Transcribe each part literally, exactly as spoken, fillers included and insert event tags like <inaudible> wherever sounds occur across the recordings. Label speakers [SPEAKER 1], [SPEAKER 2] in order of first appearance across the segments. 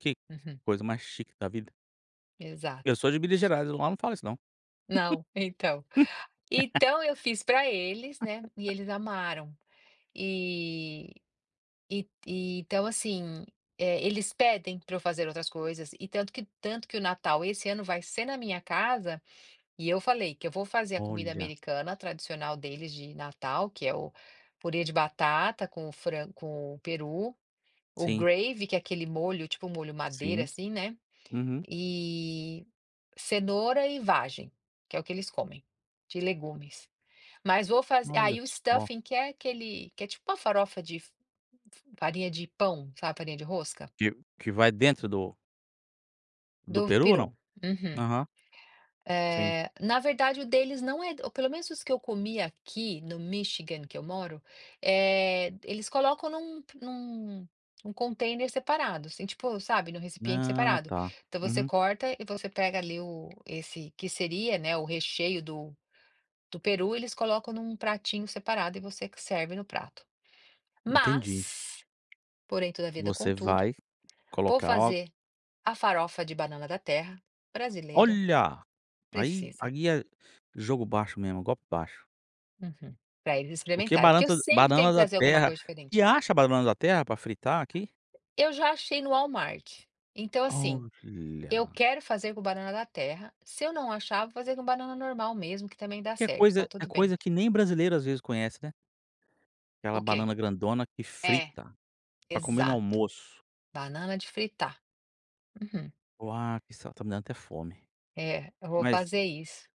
[SPEAKER 1] Que
[SPEAKER 2] Uhum.
[SPEAKER 1] coisa mais chique da vida. Eu
[SPEAKER 2] Exato.
[SPEAKER 1] sou de Minas Gerais, e lá não fala isso não.
[SPEAKER 2] Não. Então então eu fiz pra eles, né, e
[SPEAKER 1] <laughs>
[SPEAKER 2] eles amaram, e e e então, assim, eh, eles pedem pra eu fazer outras coisas, e tanto que tanto que o Natal esse ano vai ser na minha casa, e eu falei que eu vou fazer a comida
[SPEAKER 1] Olha.
[SPEAKER 2] americana tradicional deles de Natal, que é o purê de batata com o fran com o peru, o
[SPEAKER 1] Sim.
[SPEAKER 2] gravy que é aquele molho, tipo o molho madeira,
[SPEAKER 1] Sim,
[SPEAKER 2] assim, né,
[SPEAKER 1] uhum.
[SPEAKER 2] e cenoura e vagem, que é o que eles comem, de legumes, mas vou fazer
[SPEAKER 1] Olha
[SPEAKER 2] aí o
[SPEAKER 1] só.
[SPEAKER 2] stuffing que é aquele que é tipo uma farofa de f f farinha de pão, sabe, farinha de rosca.
[SPEAKER 1] Que que vai dentro do do
[SPEAKER 2] Do
[SPEAKER 1] Peru ou não?
[SPEAKER 2] peru, uhum,
[SPEAKER 1] Aham. Sim.
[SPEAKER 2] eh, na verdade o deles não é ou pelo menos os que eu comi aqui, no Michigan, que eu moro, eh, eles colocam num p num um container separado, assim, tipo, sabe, num recipiente
[SPEAKER 1] Ah,
[SPEAKER 2] separado.
[SPEAKER 1] tá.
[SPEAKER 2] Então, você
[SPEAKER 1] Uhum.
[SPEAKER 2] corta e você pega ali o esse, que seria, né, o recheio do do peru, eles colocam num pratinho separado e você que serve no prato.
[SPEAKER 1] Entendi.
[SPEAKER 2] Mas, porém, toda vida,
[SPEAKER 1] Você
[SPEAKER 2] contudo,
[SPEAKER 1] vai
[SPEAKER 2] vou
[SPEAKER 1] colocar o
[SPEAKER 2] fazer a farofa de banana da terra brasileira.
[SPEAKER 1] Olha, aí
[SPEAKER 2] Precisa.
[SPEAKER 1] aí é jogo baixo mesmo, golpe baixo.
[SPEAKER 2] Uhum, pra eles
[SPEAKER 1] Porque
[SPEAKER 2] experimentarem, porque eu
[SPEAKER 1] bananta
[SPEAKER 2] sempre tenho
[SPEAKER 1] banana
[SPEAKER 2] que
[SPEAKER 1] da
[SPEAKER 2] trazer alguma
[SPEAKER 1] terra
[SPEAKER 2] coisa
[SPEAKER 1] e
[SPEAKER 2] diferente.
[SPEAKER 1] acha a banana da terra pra fritar aqui?
[SPEAKER 2] Eu já achei no Wallmart, então, assim, eu
[SPEAKER 1] Olha.
[SPEAKER 2] quero fazer com banana da terra, se eu não achar, vou fazer com banana normal mesmo que também dá
[SPEAKER 1] Que é
[SPEAKER 2] certo, tá
[SPEAKER 1] coisa é
[SPEAKER 2] tudo bem.
[SPEAKER 1] coisa que nem brasileiro, às vezes, conhece, né. Aquela
[SPEAKER 2] O quê?
[SPEAKER 1] banana grandona que
[SPEAKER 2] É,
[SPEAKER 1] frita, pra comer no
[SPEAKER 2] exato,
[SPEAKER 1] almoço.
[SPEAKER 2] banana de fritar, uhum.
[SPEAKER 1] Uau, que isso, ó, tá me dando até fome,
[SPEAKER 2] É, eu vou
[SPEAKER 1] mas
[SPEAKER 2] fazer isso.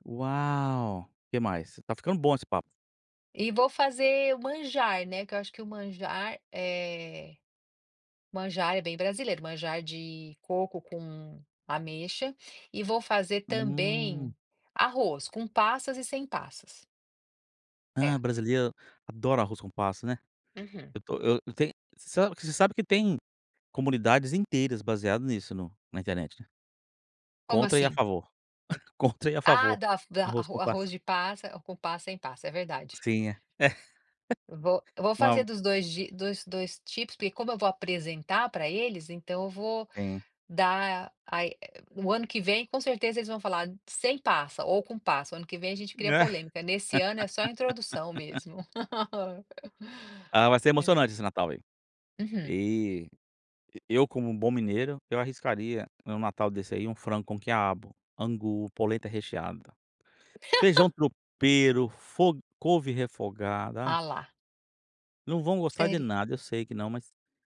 [SPEAKER 1] Uau! Que mais? Tá ficando bom esse papo.
[SPEAKER 2] E vou fazer o manjar, né, que eu acho que o manjar é manjar é bem brasileiro, manjar de coco com ameixa, e vou fazer
[SPEAKER 1] Hum.
[SPEAKER 2] também arroz com passas e sem passas.
[SPEAKER 1] Ah,
[SPEAKER 2] É.
[SPEAKER 1] brasíleiro adora arroz com passa, né,
[SPEAKER 2] Uhum.
[SPEAKER 1] eu tô eu eu tenho, você sabe que você sabe que tem comunidades inteiras baseado nisso no na internet
[SPEAKER 2] Como
[SPEAKER 1] contra e a
[SPEAKER 2] assim?
[SPEAKER 1] favor, <chuckles> contra e a
[SPEAKER 2] Ah,
[SPEAKER 1] favor
[SPEAKER 2] da f da
[SPEAKER 1] arroz com
[SPEAKER 2] arro arroz
[SPEAKER 1] passa.
[SPEAKER 2] de passa com passa, sem passa, é verdade.
[SPEAKER 1] Sim,
[SPEAKER 2] Eu vou
[SPEAKER 1] <laughs>
[SPEAKER 2] eu vou fazer
[SPEAKER 1] uau.
[SPEAKER 2] dos dois jei dos dois tipos, porque, como eu vou apresentar pra eles, então eu vou
[SPEAKER 1] Sim.
[SPEAKER 2] dar, a e, eh o ano que vem com certeza eles vão falar "sem passa" ou "com passa", o ano que vem a gente cria polêmica, nesse ano é só introdução mesmo.
[SPEAKER 1] <laughs>
[SPEAKER 2] <laughs>
[SPEAKER 1] Ah, vai ser
[SPEAKER 2] É.
[SPEAKER 1] emocionante esse Natal aí,
[SPEAKER 2] Uhum.
[SPEAKER 1] e e eu como um bom mineiro, eu arriscaria em um Natal desse aí um frango com quiabo, angu, polenta recheada, feijão
[SPEAKER 2] <laughs>
[SPEAKER 1] tropeiro, fo couve refogada,
[SPEAKER 2] Ah,
[SPEAKER 1] aff.
[SPEAKER 2] lá.
[SPEAKER 1] Não vão gostar de
[SPEAKER 2] Séri
[SPEAKER 1] nada, eu sei que não, mas